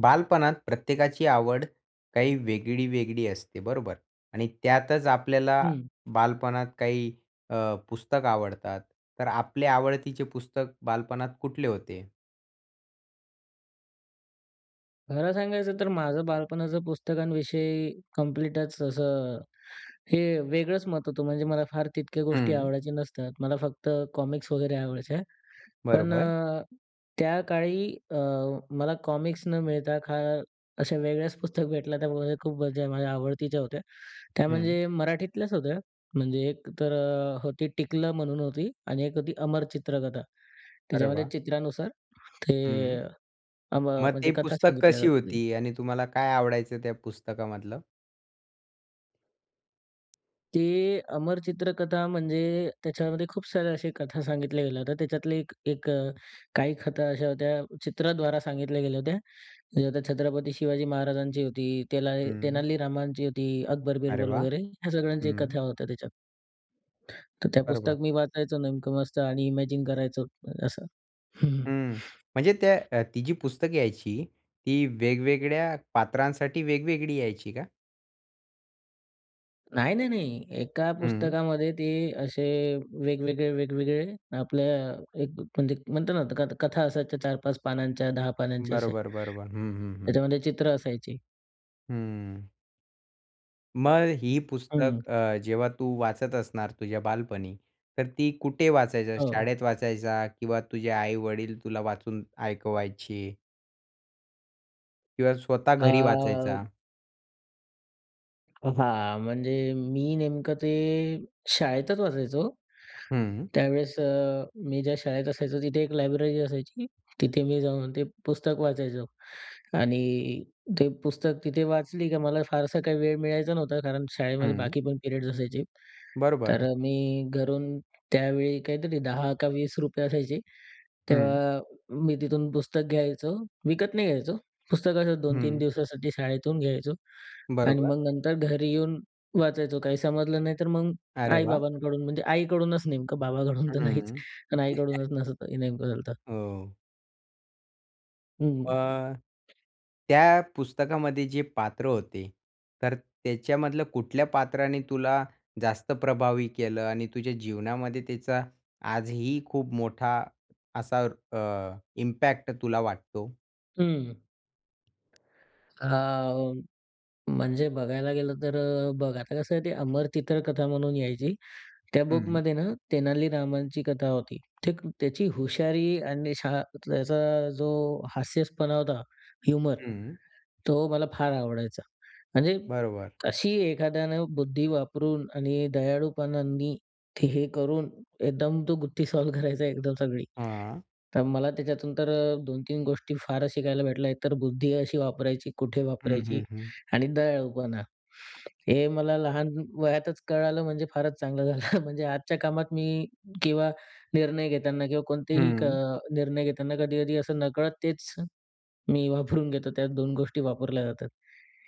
बालपणात प्रत्येकाची आवड काही वेगळी-वेगळी असते बरोबर? आणि त्यातच आपल्याला हं. बालपणात काही अ, पुस्तकं आवडतात. तर आपले आवडतीचे पुस्तक बालपणात कुठले होते? खरं सांगायचं तर माझं बालपणाचं पुस्तकांविषयी कम्प्लीटच असं, हे वेगळंच मत होतं. म्हणजे मला फार तितक्या गोष्टी हं. आवडायचे नसतात. मला फक्त कॉमिक्स वगैरे आवडायच्या, पण बरोबर. अ, त्याकाळी अ, मला कॉमिक्स न मिळता, खा अशा वेगळ्याच पुस्तक भेटल्या. त्यामध्ये खूप माझ्या म्हणजे आवडतीच्या होत्या. त्या हं. म्हणजे मराठीतल्याच होत्या, म्हणजे एक तर होती टिकलं म्हणून होती आणि एक होती अमर चित्रकथा. अरे त्याच्यामध्ये वाह! चित्रानुसार ते हं. अ, मग ते म्हणजे कथा पुस्तक सांगितल्या कशी जायच्या. होती? आणि तुम्हाला काय आवडायचं त्या पुस्तकामधलं? ते अमर चित्रकथा, म्हणजे त्याच्यामध्ये खूप साऱ्या अशा कथा सांगितल्या गेल्या होत्या. त्याच्यातले एक एक अ, काही कथा अशा होत्या, चित्राद्वारा सांगितल्या गेल्या होत्या. त्या छत्रपती शिवाजी महाराजांची होती, तेला हं. तेनालीरामांची होती. अकबर अरे बिरबल वाह! वगैरे ह्या सगळ्यांच्या हं. कथा होत्या त्याच्यात. तर त्या बरोबर. पुस्तकं मी वाचायचो नेमकं मस्त आणि इमॅजिन करायचो, असं. हं. म्हणजे त्या ती जी पुस्तकं यायची, ती वेगवेगळ्या पात्रांसाठी वेगवेगळी यायची का? नाही, नाही, नाही. एका हं. पुस्तकामध्ये ते असे वेगवेगळे-वेगवेगळे आपल्या एक म्हणजे म्हणतो ना, कथ कथा असायच्या 4-5 पानांच्या, 10 पानांच्या असे. बरोबर, बरोबर. हं, हं, हं. त्याच्यामध्ये चित्र असायची. हम्म. मग ही हं. पुस्तक अ, जेव्हा तू वाचत असणार तुझ्या बालपणी, तर ती कुठे वाचायचा? हो. शाळेत वाचायचा किंवा तुझे आई-वडील तुला वाचून ऐकवायचे? किंवा स्वतः अ, घरी वाचायचा? ब अ, हां, म्हणजे मी नेमकं ते शाळेतच वाचायचो. हं. त्यावेळेस अ, मी ज्या शाळेत असायचो, तिथे एक लायब्ररी असायची. तिथे मी जाऊन ते पुस्तक वाचायचो आणि ते पुस्तक तिथे वाचली की मला फारसा काही वेळ मिळायचा नव्हता. कारण शाळेमध्ये हं. बाकी पण पिरियड्स असायचे. तर बरोबर. मी घरून त्यावेळी काहीतरी ₹10 का ₹20 असायचे, हं. तेव्हा मी तिथून पुस्तक घ्यायचो, विकत नाही घ्यायचो. पुस्तक असं 2-3 हं. दिवसासाठी शाळेतून घ्यायचो आणि बरोबर. मग नंतर घरी येऊन वाचायचो. काही समजलं नाही, तर मग अरे वाह! आई-बाबांकडून, म्हणजे आईकडूनच नेमकं, बाबांकडून तर नाहीच, हम्म. पण आईकडूनच असं [unintelligible] झालंत. हो. हं. अ, त्या पुस्तकामध्ये जे पात्र होते तर त्याच्यामधलं कुठल्या पात्राने तुला जास्त प्रभावी केलं आणि तुझ्या जीवनामध्ये त्याचा आजही खूप मोठा असा अ, इम्पॅक्ट तुला वाटतो? हं. हा, अ, म्हणजे बघायला गेलं तर अ, बघ आता कसं आहे ते अमर चित्रकथा म्हणून यायची. त्या हम्म. बुकमध्ये ना तेनालीरामांची कथा होती. ते त्याची हुशारी आणि शाळा त्यातला त्याचा जो हास्यसपणा होता ना ह्युमर, हम्म. तो मला फार आवडायचा. म्हणजे बरोबर. अशी एखाद्यानं बुद्धी वापरून आणि दयाळूपणांनी ते हे करून, एकदम तो गुत्ती सॉल्व्ह करायचा एकदम सगळी. हां. तर मला त्याच्यातून तर 2-3 गोष्टी फारच शिकायला भेटल्या. एकतर बुद्धी अशी वापरायची, कुठे हम्म, वापरायची? हम्म, हम्म. आणि दयाळूपणा. हे मला लहान वयातच कळालं म्हणजे फारच चांगलं झालं. म्हणजे आजच्या कामात मी किंवा निर्णय घेताना किंवा कोणतेही क हं. निर्णय घेताना कधीकधी असं नकळत तेच मी वापरून घेतो त्यात 2 गोष्टी वापरल्या जातात.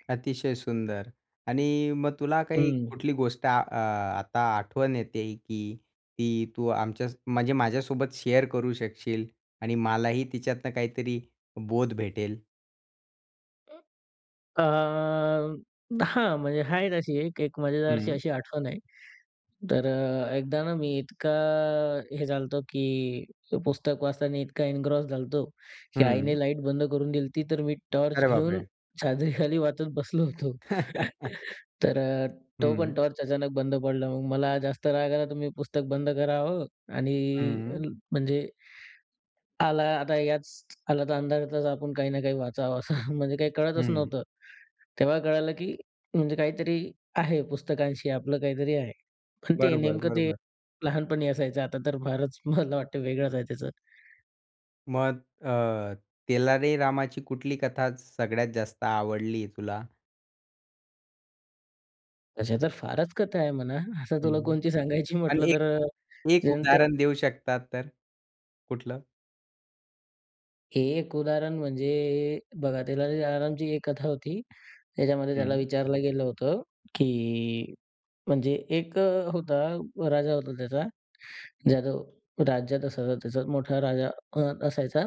अतिशय सुंदर! आणि मग तुला काही हम्म. कुठली गोष्ट अ, आता आठवण येतेय की ती तू आमच्या म्हणजे माझ्यासोबत शेअर करू शकशील आणि मलाही तिच्यातनं काहीतरी बोध भेटेल. अं, हां. म्हणजे हाय तशी एक, एक मजेदार अशी हं. अशी आठवण आहे. तर अ, एकदा ना मी इतका हे झालो होतो, की ते पुस्तक वाचताना इतका एन्ग्रॉस झालो होतो की आईने हं. लाईट बंद करून दिली होती तर मी टॉर्च अरे घेऊन बापरे! चादरीखाली वाचत बसलो होतो. तर अ, तो पण हं. टॉर्च अचानक बंद पडला. मग मला जास्त राग आला तर मी पुस्तक बंद करावं आणि अ, हं. म्हणजे आला आता याच आला तर, अंधारातचं आपण काही ना काही वाचावं, असं म्हणजे काही कळतच हं. नव्हतं. तेव्हा कळालं, की म्हणजे काहीतरी आहे पुस्तकांशी आपलं काहीतरी आहे. पण ते बरोबर, नेमकं ते बरोबर. लहानपणी असायचं आता तर फारच मला वाटतं वेगळंच आहे त्याचं. मग आह, तेलारीरामाची कुठली कथा सगळ्यातं जास्त आवडली आहे तुला? तशा तर फारच कथा आहे म्हणा, असं तुला हं. कोणती सांगायची आणि म्हटलं एक, तर एक जनते उदाहरण देऊ शकतात तर कुठलं? एक उदाहरण म्हणजे बघा, तेलारीरामांची एक कथा होती. त्याच्यामध्ये त्याला हं. विचारलं गेलं होतं, की म्हणजे एक होता, राजा होता त्याचा. ज्या रा राज्यात असायचा त्याचा मोठा राजा अ, असायचा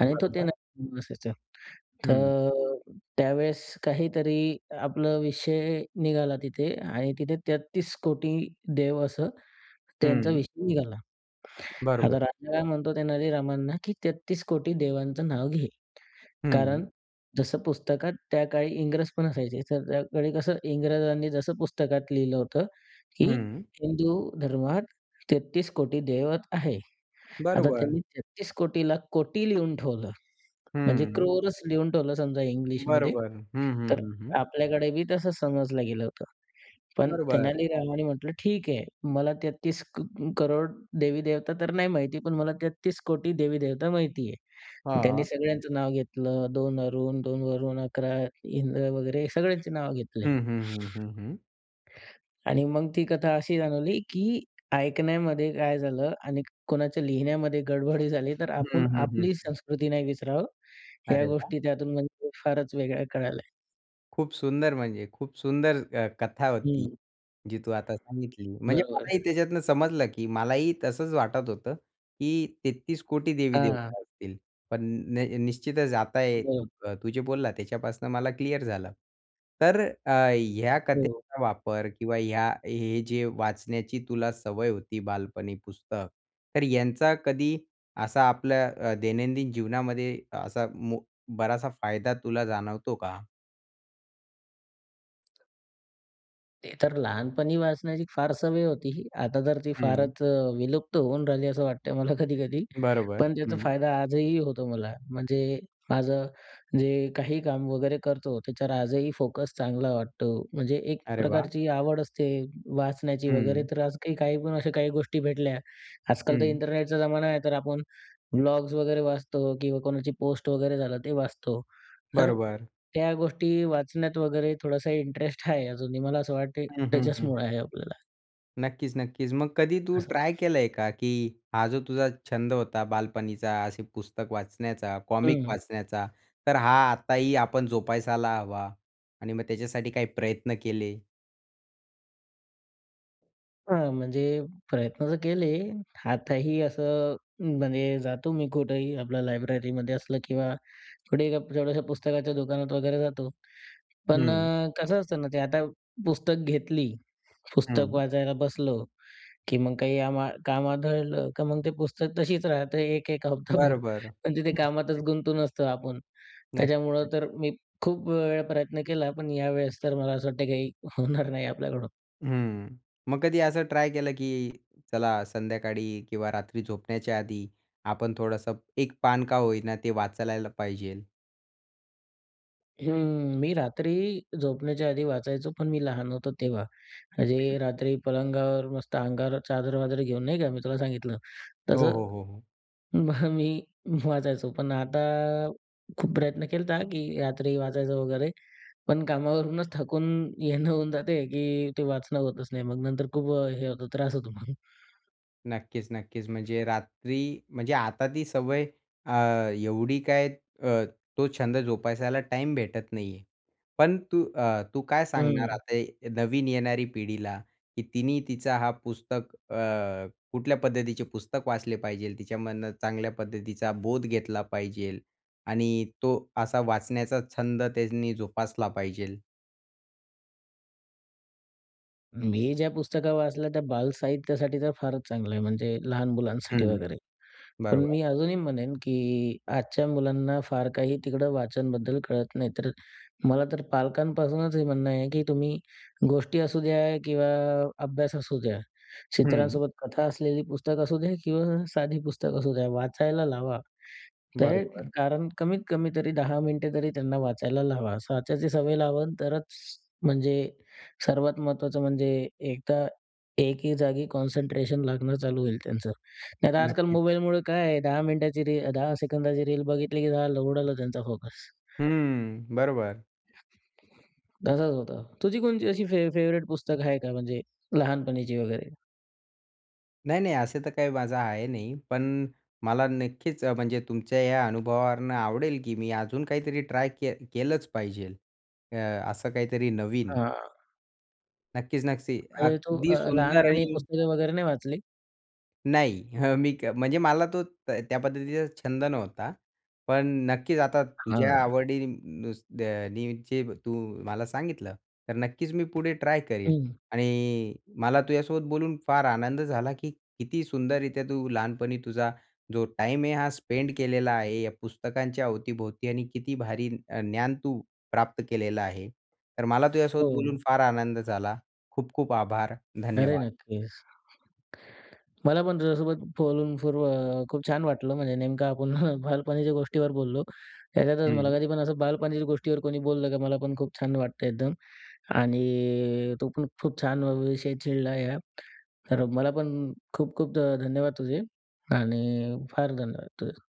आणि तो ते बरोबर. [unintelligible] असायचा. हं. तर त्यावेळेस काहीतरी आपलं विषय निघाला तिथे आणि तिथे 33कोटी देव असं त्यांचा हं. विषय निघाला. बरोबर. आता राजा काय म्हणतो तेलारीरामांना, की 33कोटी देवांचं नाव घे. कारण हं. जसं पुस्तकात त्या काळी इंग्रजपण असायचे तर त्या काळी कसं इंग्रजांनी जसं पुस्तकात लिहिलं होतं, की हं. हिंदू धर्मात 33कोटी देवत आहे. आता बरोबर. त्यांनी 33कोटी ला कोटी लिहून ठेवलं म्हणजे हं. क्रोरच लिहून ठेवलं समजा इंग्लिशमध्ये बरोबर, हं, हं. तर हं, हं. आपल्याकडे बी तसं समजलं गेलं होतं. पण बरोबर. तेलारीरामांनी म्हटलं, "ठीक आहे, मला 33 क करोड देवी-देवता तर नाही माहिती, पण मला 33कोटी देवी-देवता माहिती आहे." त्यांनी हां. सगळ्यांचं नाव घेतलं 2 अरुण, 2 वरुण, 11 इंद्र वगैरे सगळ्यांचे नाव ह, घेतले. हं. हं, हं. हं. आणि मग ती कथा अशी जाणवली की ऐकण्यामध्ये काय झालं आणि कोणाच्या लिहिण्यामध्ये गडबडी झाली तर आपण हं, हं. हं. आपली संस्कृती नाही विसरावं, ह्या अरे वाह! गोष्टी त्यातून म्हणजे फारचं वेगळ्या कळाल्या. खूप सुंदर म्हणजे, खूप सुंदर अ, कथा होती, हं. जी तू आता सांगितली. म्हणजे बरोबर. मलाही त्याच्यातनं समजलं, की मलाही तसंच वाटत होतं की 33 कोटी हां. देवीदेवता असतील, पण न निश्चितच आता एक [unintelligible] तू तू जे बोलला त्याच्यापासून मला क्लिअर झालं. तर अ, ह्या हो. कथेचा वापर किंवा ह्या हे जे वाचण्याची तुला सवय होती बालपणी पुस्तक तर यांचा कधी असा आपल्या अ, दैनंदिन जीवनामध्ये असा मो बराचसा फायदा तुला जाणवतो का? ते तर लहानपणी वाचण्याची फार सवय होती ही. आता तर ती हं. फारच अ, विलुप्त होऊन राहिली असं वाटतं मला कधी-कधी. बरोबर, पण त्याचा हं. फायदा आजही होतो मला. म्हणजे माझं जे काही काम वगैरे करतो त्याच्यावर आजही फोकस चांगला वाटतो. म्हणजे एक अरे वाह! प्रकारची आवड असते वाचण्याची वगैरे हं. तर आज काही-काही पण अशा काही गोष्टी भेटल्या. आजकाल तर हं. इंटरनेटचा जमाना आहे तर आपण ब्लॉग्स वगैरे वाचतो किंवा कोणाची पोस्ट वगैरे झालं ते वाचतो. तर बरोबर. त्या गोष्टी ही वाचण्यात वगैरे थोडासा इंटरेस्ट आहे अजूनही मला असं वाटते हं, हं, हं. त्याच्याचमुळं आहे आपल्याला. नक्कीच, नक्कीच. मग कधी तू असं. ट्राय केलंय का, की हा जो तुझा छंद होता बालपणीचा. असे पुस्तक वाचण्याचा, कॉमिक हं. वाचण्याचा. तर हा आताही आपण जोपासायला हवा आणि मग त्याच्यासाठी काही प्रयत्न केले? हां, म्हणजे प्रयत्न तर केले. आताही असं म्हणजे जातो मी कुठेही आपल्या लायब्ररीमध्ये असलं किंवा कुठेही जेवढ्याशा पुस्तकाच्या दुकानात वगैरे जातो. पण हं. अ, कसं असतं ना, ते आता पुस्तक घेतली, पुस्तक हं. वाचायला बसलो, की मग काही आम काम आढळलं का मग ते पुस्तक तशीच राहतात, एक-एक बरं, हप्ताभर. बरं. पण तिथे कामातच [unintelligible] गुंतून असतो आपण. नक्कीच, त्याच्यामुळं तर नक्कीच. मी खूप वेळा प्रयत्न केला. पण यावेळेस तर मला असं वाटतं का हे होणार नाही आपल्याकडून. हम्म. मग कधी असं ट्राय केलं, की चला संध्याकाळी किंवा रात्री झोपण्याच्या आधी आपण थोडंसं एक पान का होई ना. ते वाचायला पाहिजे? हम्म. मी रात्री झोपण्याच्या आधी वाचायचो. पण मी लहान होतो तेव्हा. म्हणजे हं. रात्री पलंगावर मस्त अंगावर चादर-वादर घेऊन नाही का मी तुला सांगितलं हो, तसं. हो, हो. मग मी वाचायचो. पण आता खूप प्रयत्न केलता, की रात्री वाचायचं वगैरे. पण कामावरूनच थकून येणं होऊन जाते, की ते वाचणं होतच नाही मग. नंतर खूप हे होतो त्रास होतो मग. नक्कीच, नक्कीच. म्हणजे रात्री म्हणजे आता ती सवय अ, एवढी काय अ, तो छंद जोपासायला टाईम भेटत नाही आहे. पण तू अ, तू काय सांगणार हं. आता नवीन ये येणारी पिढीला? की तिने तिचा हा पुस्तक अ, कुठल्या पद्धतीचे पुस्तक वाचले पाहिजे? तिच्यामधनं चांगल्या पद्धतीचा बोध घेतला पाहिजे आणि तो असा वाचण्याचा छंद त्यांनी जोपासला पाहिजे? मी जे पुस्तकं वाचलं ते बालसाहित्यासाठी तर फारच चांगलं आहे, म्हणजे लहान मुलांसाठी हं. वगैरे. पण बरोबर. मी अजूनही म्हणेन की आजच्या मुलांना फार काही तिकडे वाचनाबद्दल कळत नाही. तर मला तर पालकांपासूनच हे म्हणणं आहे की तुम्ही गोष्टी असू द्या किंवा अभ्यास असू द्या, हं. चित्रांसोबत कथा असलेली पुस्तकं असू द्या किंवा साधी पुस्तकं असू द्या, वाचायला लावा. त्याही बरोबर. कारण कमीत कमी तरी 10 मिनिटे तरी त्यांना वाचायला लावा. असं वाचायची सवय लावाल तरच, म्हणजे सर्वात महत्त्वाचं म्हणजे, एकदा एके जागी कॉन्सन्ट्रेशन लागणं चालू होईल त्यांचं, नाहीतर आजकाल नक्कीच. मोबाईलमुळे काय आहे, 10 मिनिटाची रील 10 सेकंदाची रील बघितली की उडाला त्यांचा फोकस. हम्म, बरोबर. तसंच होतं. तुझी कोणती अशी फेव फेवरेट पुस्तक आहे का म्हणजे लहानपणीची वगैरे? नाही, नाही, असं तर काही माझं आहे नाही. पण मला नक्कीच अ, म्हणजे तुमच्या या अनुभवावरून आवडेल, की मी अजून काहीतरी ट्राय केलं केलंच पाहिजेल. अ, असं काहीतरी नवीन. हां. नक्कीच, नक्की. म्हणजे तू अगदी अ, सुंदर लहानपणी आणि पुस्तकं वगैरे नाही वाचली? नाही, हं. मी क म्हणजे मला तो त्या पद्धतीचा छंद नव्हता. पण नक्कीच आता तुझ्या हां. आवडी नुस दे अ, नि चे तू मला सांगितलं, तर नक्कीच मी पुढे ट्राय करीन. हं. आणि मला तुझ्यासोबत बोलून फार आनंद झाला, की किती सुंदररीत्या तू लहानपणी तुझा जो टाईम आहे हा स्पेंड केलेला आहे या पुस्तकांच्या अवतीभोवती आणि किती भारी अ, ज्ञान तू प्राप्त केलेलं आहे. तर मला तुझ्यासोबत बोलून हो. फार आनंद झाला. खूप-खूप आभार. अरे, धन्यवाद. नक्कीच. मला पण तुझ्यासोबत बोलून फूर्व अ, खूप छान वाटलं म्हणजे नेमकं आपण बालपणीच्या गोष्टीवर बोललो. त्याच्यातच मला हं. कधी पण असं बालपणीच्या गोष्टीवर कोणी बोललं, का मला पण खूप छान वाटतं एकदम. आणि अ, तो पण खूप छान विषय छेडला हा. तर मला पण खूप-खूप अ, धन्यवाद तुझे आणि फार धन्यवाद तुझे.